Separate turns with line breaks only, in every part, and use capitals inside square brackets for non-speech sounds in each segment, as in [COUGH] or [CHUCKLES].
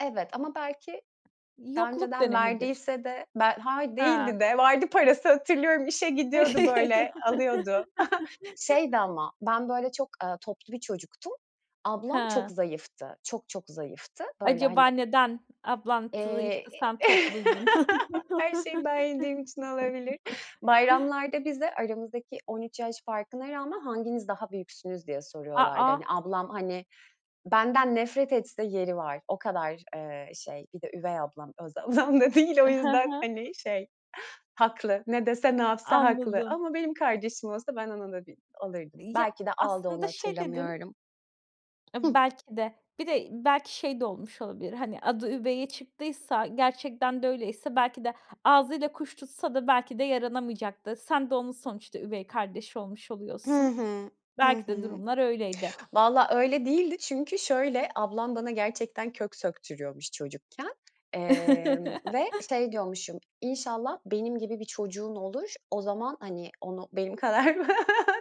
Evet, ama belki daha
Yokluk
önceden
dönemidir.
verdiyse de ben Hayır
Ha!
değildi de vardı parası hatırlıyorum işe
E
gidiyordu, böyle, alıyordu. [CHUCKLES] Şeydi
[CHUCKLES]
ama ben, böyle, çok, ııı, toplu bir çocuktum ablam
He!
çok zayıftı, çok, çok zayıftı. Böyle, hani
Acaba neden? Ablan t
Eee,
zayıftı, sen
e
topluydun?
[CHUCKLES] her şeyi ben yediğim için olabilir.
[CHUCKLES]
Bayramlarda, bize, aramızdaki 13 yaş farkına rağmen, "Hanginiz daha büyüksünüz?" diye
A
soruyorlardı. Hani,
a!
ablam, hani, benden nefret etse yeri var. O kadar, eee, şey, bir de üvey ablam, öz ablam da değil. O
I hı
yüzden,
hı.
hani, şey, haklı. Ne dese, ne
A
yapsa haklı.
anladım.
Ama benim kardeşim olsa ben ona da bir alırdım,
Ya,
belki de aldı, onu
aslında şey dedin
hatırlamıyorum. Hıh.
E belki de, bir de belki şey de olmuş olabilir: Hani, adı üveye çıktıysa, gerçekten de öyleyse, belki de ağzıyla kuş tutsa da belki de yaranamayacak da sen de onun sonuçta üvey kardeşi olmuş
Hı
oluyorsun.
hı. Hı
Belki de
hı.
durumlar öyleydi.
[TSK] Valla öyle değildi çünkü şöyle: Ablam bana gerçekten kök söktürüyormuş çocukken. Emm,
[CHUCKLES]
ve şey diyormuşum, "İnşallah benim gibi bir çocuğun olur. O zaman, hani, onu benim kadar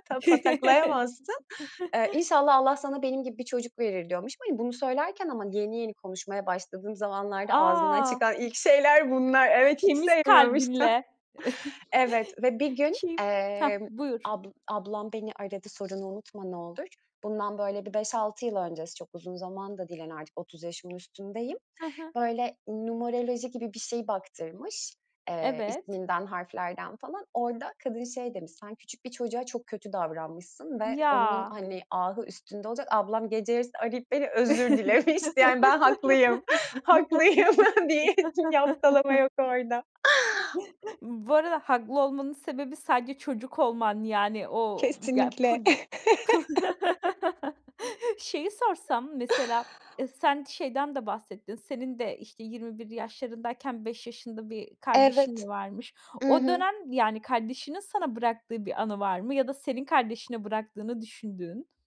ta pataklayamazsın.
[CHUCKLES]
Eee, İnşallah Allah sana benim gibi bir çocuk verir." diyormuşum. Hani, bunu söylerken ama yeni yeni konuşmaya başladığım zamanlarda ağzımdan
A!
çıkan ilk şeyler bunlar. Evet hiç
Temiz
[UNINTELLIGIBLE]
kalbinle.
Evet
[CHUCKLES]
ve bir gün,
Kim? Hah,
emm,
buyur!
ab ablam beni aradı, sorunu unutma olur. Bundan, böyle, bir 5-6 yıl öncesi çok uzun zaman da değil, hani, artık 30 yaşımın üstündeyim.
Hı hı.
Böyle, numeroloji gibi bir şeyi baktırmış. Eee,
Evet.
isminden, harflerden falan. Orada kadın şey demiş, "Sen küçük bir çoçuğa kötü davranmışsın ve onun,
Ya.
hani, ahı üstünde olacak." Ablam gece yarısı arayıp beni özür dilemişti. Yani ben haklıyım. Haklıyım diye bir yaftalama
[LAUGHS]
yok orada.
[CHUCKLES] Bu arada haklı olmanın sebebi sadece çocuk olman, yani, o ge
Kesinlikle.
pud i
[CHUCKLES]
[CHUCKLES] Şeyi
[CHUCKLES]
sorsam, mesela, e, sen şeyden de bahsettin. Senin de, işte, 21 yaşlarındayken 5 yaşında bir kardeşin
Evet.
varmış.
I
O
hı.
dönem, yani, kardeşinin sana bıraktığı bir anı var mı ya da senin kardeşine bıraktığını düşündüğün?